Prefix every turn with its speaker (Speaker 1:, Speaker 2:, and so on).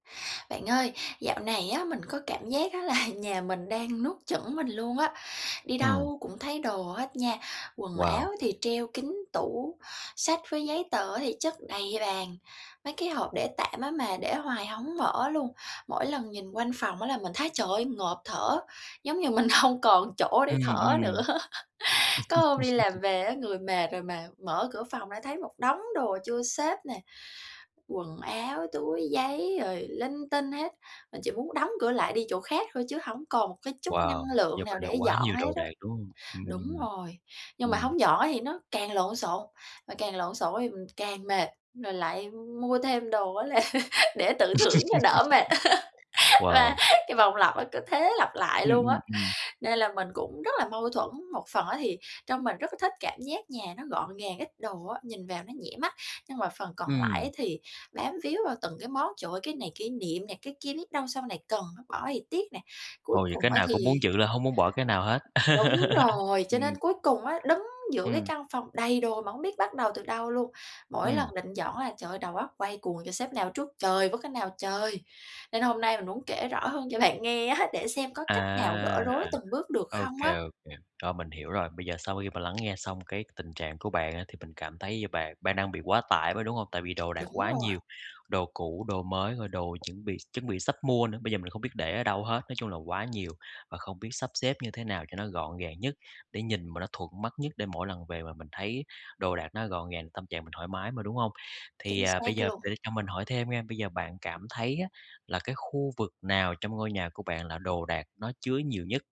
Speaker 1: Bạn ơi, dạo này á, mình có cảm giác á là nhà mình đang nuốt chửng mình luôn á, đi
Speaker 2: Ừm.
Speaker 1: đâu cũng thấy đồ hết nha, quần
Speaker 2: Wow.
Speaker 1: áo thì treo kín tủ, sách với giấy tờ á thì chất đầy ra bàn, mấy cái hộp để tạm á mà để hoài hổng mở luôn. Mỗi lần nhìn quanh phòng á là mình thấy, trời ơi, ngộp thở, giống như mình hông còn chỗ để
Speaker 2: Ừm,
Speaker 1: thở nữa
Speaker 2: ừm.
Speaker 1: Có hôm đi làm về á, người mệt rồi mà mở cửa phòng lại thấy một đống đồ chưa xếp nè, quần áo, túi giấy rồi linh tinh hết, mình chỉ muốn đóng cửa lại đi chỗ khác thôi chứ hổng còn một cái chút
Speaker 2: Wow.
Speaker 1: năng
Speaker 2: Như
Speaker 1: lượng nào
Speaker 2: vậy là
Speaker 1: để
Speaker 2: quá
Speaker 1: dọn
Speaker 2: nhiều
Speaker 1: hết
Speaker 2: đồ
Speaker 1: á.
Speaker 2: đạc, đúng hông?
Speaker 1: Đúng
Speaker 2: Ừm.
Speaker 1: rồi, nhưng mà
Speaker 2: Ừm.
Speaker 1: hổng dọn á thì nó càng lộn xộn, mà càng lộn xộn đó thì mình càng mệt, rồi lại mua thêm đồ á là để tự thưởng cho đỡ mệt.
Speaker 2: Wow.
Speaker 1: Và cái vòng lặp á cứ thế lặp lại
Speaker 2: Ừm,
Speaker 1: luôn
Speaker 2: ừm,
Speaker 1: á,
Speaker 2: ừm.
Speaker 1: nên là mình cũng rất là mâu thuẫn, một phần á thì trong mình rất là thích cảm giác nhà nó gọn gàng ít đồ á, nhìn vào nó nhẹ mắt, nhưng mà phần còn lại á
Speaker 2: Ừm.
Speaker 1: thì bám víu vào từng cái món: "Trời ơi cái này kỷ niệm nè, cái kia biết đâu sau này cần nó, bỏ thì tiếc nè." Cuối
Speaker 2: Ồ, vậy cái
Speaker 1: cùng á
Speaker 2: nào cũng muốn
Speaker 1: thì
Speaker 2: giữ là hông muốn bỏ cái nào hết.
Speaker 1: Đúng rồi, cho
Speaker 2: Ừm.
Speaker 1: nên cuối cùng á, đứng giữa cái
Speaker 2: Ừm.
Speaker 1: căn phòng đầy đồ mà hông biết bắt đầu từ đâu luôn. Mỗi
Speaker 2: Ừm.
Speaker 1: lần định dọn á là trời ơi, đầu óc quay cuồng: "Trời, xếp nào trước trời với cái nào trời!" Nên hôm nay mình muốn kể rõ hơn cho bạn nghe á để xem có cách nào gỡ
Speaker 2: À.
Speaker 1: rối từng bước được
Speaker 2: Ô
Speaker 1: không á.
Speaker 2: kê, ô kê, rồi mình hiểu rồi. Bây giờ sau khi mà lắng nghe xong cái tình trạng của bạn á, thì mình cảm thấy như bạn bạn đang bị quá tải [unintelligible] đúng hông? Tại vì đồ đạc
Speaker 1: Đúng
Speaker 2: quá
Speaker 1: rồi.
Speaker 2: nhiều, đồ cũ, đồ mới rồi đồ chuẩn bị chuẩn bị sắp mua nữa, bây giờ mình không biết để ở đâu hết, nói chung là quá nhiều, và không biết sắp xếp như thế nào cho nó gọn gàng nhất, để nhìn mà nó thuận mắt nhất để mỗi lần về mà mình thấy đồ đạc nó gọn gàng, tâm trạng mình thoải mái mà, đúng hông? Thì,
Speaker 1: Chính
Speaker 2: à, bây
Speaker 1: xác
Speaker 2: giờ
Speaker 1: luôn.
Speaker 2: để cho mình hỏi thêm nha, bây giờ bạn cảm thấy á là cái khu vực nào trong ngôi nhà của bạn là đồ đạc nó chứa nhiều nhất?